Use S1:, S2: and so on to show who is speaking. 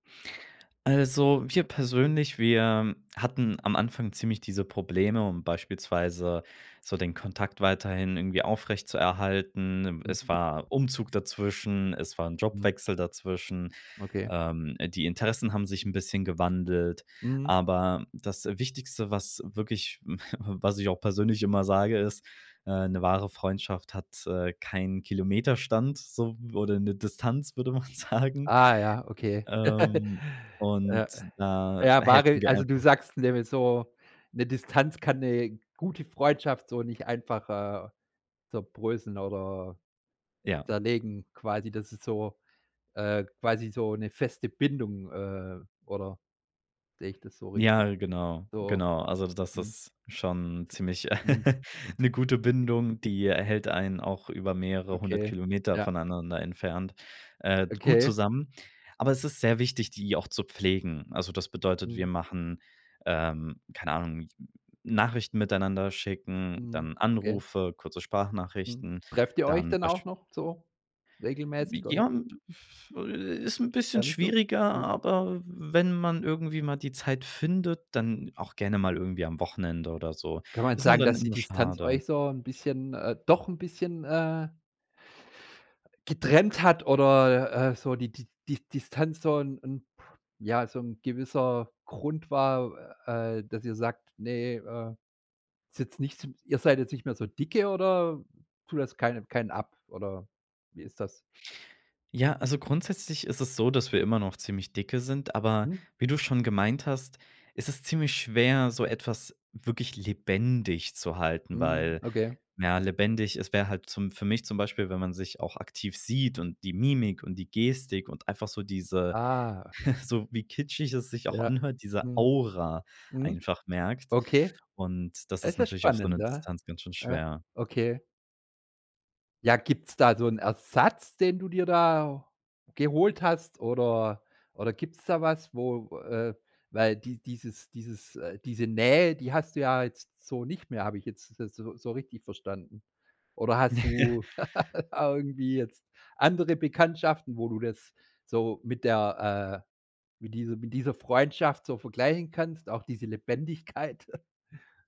S1: Also wir persönlich, wir hatten am Anfang ziemlich diese Probleme, um beispielsweise so den Kontakt weiterhin irgendwie aufrechtzuerhalten. Im
S2: Mhm.
S1: es war Umzug dazwischen, es war 'n
S2: Mhm.
S1: Jobwechsel dazwischen,
S2: Okay.
S1: ähm, die Interessen haben sich 'n bisschen gewandelt.
S2: Mhm.
S1: Aber das, äh, Wichtigste, was wirklich, was ich auch persönlich immer sage, ist, äh, 'ne wahre Freundschaft hat, äh, keinen Kilometerstand so w oder 'ne Distanz, würde man sagen.
S2: Ah ja, okay.
S1: Ähm, und
S2: Ja.
S1: da
S2: Ja,
S1: helfen
S2: wahre
S1: wir
S2: also, du
S1: einfach
S2: sagst nämlich so, 'ne Distanz kann 'ne gute Freundschaft so nicht einfach, äh, zerbröseln oder
S1: Ja.
S2: zerlegen quasi, das ist so äh, quasi so 'ne feste Bindung, ähm, oder sehe ich das so richtig?
S1: Ja, genau,
S2: So
S1: genau. Also das
S2: mhm.
S1: ist schon ziemlich
S2: Mhm.
S1: 'ne gute Bindung. Die hält einen auch über mehrere hundert
S2: Okay,
S1: Kilometer
S2: ja.
S1: voneinander entfernt, äh, gut
S2: Okay.
S1: zusammen. Aber es ist sehr wichtig, die auch zu pflegen. Also, das bedeutet, wir
S2: Mhm.
S1: machen, ähm, keine Ahnung, Nachrichten miteinander schicken,
S2: Mhm.
S1: dann
S2: Okay.
S1: Anrufe, kurze
S2: Mhm.
S1: Sprachnachrichten,
S2: Trefft ihr euch
S1: dann
S2: dann
S1: besch
S2: auch noch so regelmäßig oder?
S1: Ja, m pff äh, ist 'n bisschen
S2: Weniger.
S1: schwieriger,
S2: Mhm.
S1: aber wenn man irgendwie mal die Zeit findet, dann auch gerne mal irgendwie am Wochenende oder so.
S2: Kann man
S1: Ist nur
S2: sagen,
S1: dann
S2: dass die
S1: immer
S2: Distanz
S1: schade.
S2: euch so 'n bisschen doch ein bisschen, äh getrennt hat oder, äh, so die Di di Distanz so 'n 'n ja, so 'n gewisser Grund war, äh, dass ihr sagt: „Ne, äh, ist jetzt nicht s ihr seid jetzt nicht mehr so dicke oder tut das keinem keinen ab oder wie ist das?
S1: Ja, also grundsätzlich ist es so, dass wir immer noch ziemlich dicke sind, aber
S2: Mhm.
S1: wie du schon gemeint hast, ist es ziemlich schwer, so etwas wirklich lebendig zu halten,
S2: Mhm.
S1: weil
S2: Okay.
S1: ja, lebendig ist wäre halt zum für mich zum Beispiel, wenn man sich auch aktiv sieht und die Mimik und die Gestik und einfach so diese-
S2: Ah.
S1: so wie kitschig es sich auch
S2: Ja.
S1: anhört- diese
S2: Mhm.
S1: Aura
S2: Mhm.
S1: einfach merkt.
S2: Okay.
S1: Und das ist
S2: Das ist
S1: natürlich auf so
S2: spannend.
S1: 'ne
S2: Ja.
S1: Distanz ganz schön
S2: Ja.
S1: schwer.
S2: Okay. Ja, gibt's da so 'n Ersatz, den du dir da geholt hast oder oder gibt's da was, wo äh, weil die dieses dieses äh, diese Nähe, die hast du ja jetzt so nicht mehr, habe ich jetzt das so so richtig verstanden? Oder hast du da irgendwie jetzt andere Bekanntschaften, wo du das so mit der, äh mit diesem mit dieser Freundschaft so vergleichen kannst, auch diese Lebendigkeit?